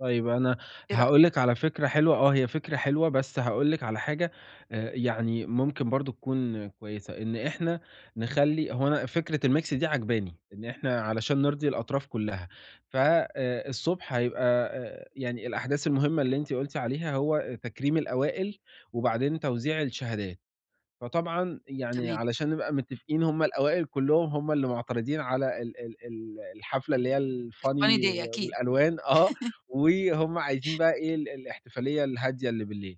طيب أنا إيه رأي هاقول لِك على فكرة حلوة آه، هي فكرة حلوة بس هاقول لِك على حاجة آآ، يعني ممكن برضه تكون كويسة، إن إحنا نخلّي هو أنا فكرة الmix دي عاجباني، إن إحنا علشان نرضي الأطراف كلّها. ف آآ، الصبح هيبقى آآ، يعني الأحداث المهمة اللي أنتِ قُلتِ عليها هو آآ، تكريم الأوائل وبعدين توزيع الشهادات، فطبعًا يعني تمام. علشان نبقى متفقين هُم الأوائل كلّهم هُم اللي معترضين على ال ال ال الحفلة اللي هي الfunny الfunny day و أكيد. والألوان آه، وهُم عايزين بقى إيه ال الإحتفالية الهادية اللي بالليل،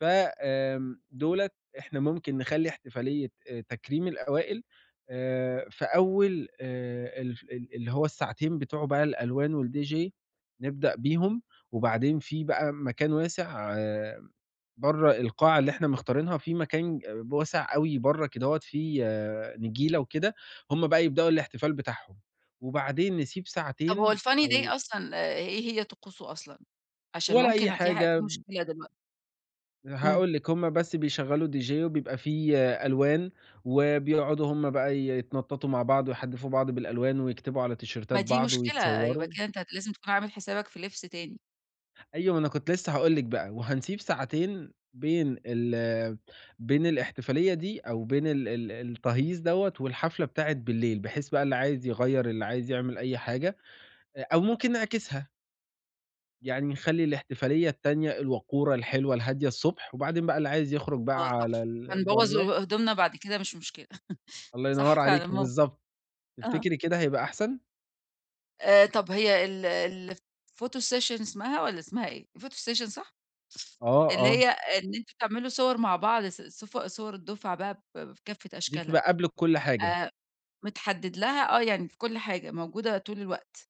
ف آمم، دُولت إحنا ممكن نخلّي إحتفالية آآ، تكريم الأوائل آآ، في أول آآ، الف ال اللي هو الساعتين بتوع بقى الألوان والDJ نبدأ بيهم، وبعدين في بقى م مكان واسع برّا القاعة اللي إحنا مختارينها في مكان ب واسع أوي برّا كدهوّة فيه نجيلة وكده، هُم بقى يبدأوا الإحتفال بتاعهم، وبعدين نسيب طب هو ساعتين الfunny day أو أصلًا آآ، إيه هي طقوسه أصلًا؟ عشان ولا أي ممكن أ في ح حاجة. في مشكلة دلوق إمم. هاقول لِك، هُم بس بيشغّلوا DJ وبيبقى في ألوان، وبيقعدوا هُم بقى يتنططوا مع بعض ويحدّفوا بعض بالألوان ويكتبوا على ما تيشيرتات دي بعض مشكلة، يبقى ويتصوروا. كده أنت لازم تكون عامل حسابك في لبس تاني. أيوة ما أنا كنت لسه هاقول لِك بقى، وهنسيب ساعتين بين ال بين الاحتفالية دي أو بين ال ال التهييص دَوّة والحفلة بتاعة بالليل، بحيث بقى اللي عايز يغيّر اللي عايز يعمل أي حاجة، أ أو ممكن نعكسها. يعني نخلّي الاحتفالية التانية الوقورة الحلوة الهادية الصبح، وبعدين بقى اللي عايز يخرج بقى آه، صح، على ال هنبوّظ برّا. أويو هدومنا بعد كده مش مشكلة. الله صح ينور عليكِ فعلًا مو بالضبط، آه. تفتكري كده هيبقى أحسن؟ آآ طب هي ال الphoto session اسمها والّا اسمها إيه؟ الphoto session صح؟ آه، ف اللي آه. هي إن أنتم تعملوا صور مع بعض ص صف صور الدفعة بقى ب في كافة دي أشكالها بتبقى قبل الكل حاجة. آآ، متحدد لها آه، يعني في كل حاجة موجودة طول الوقت.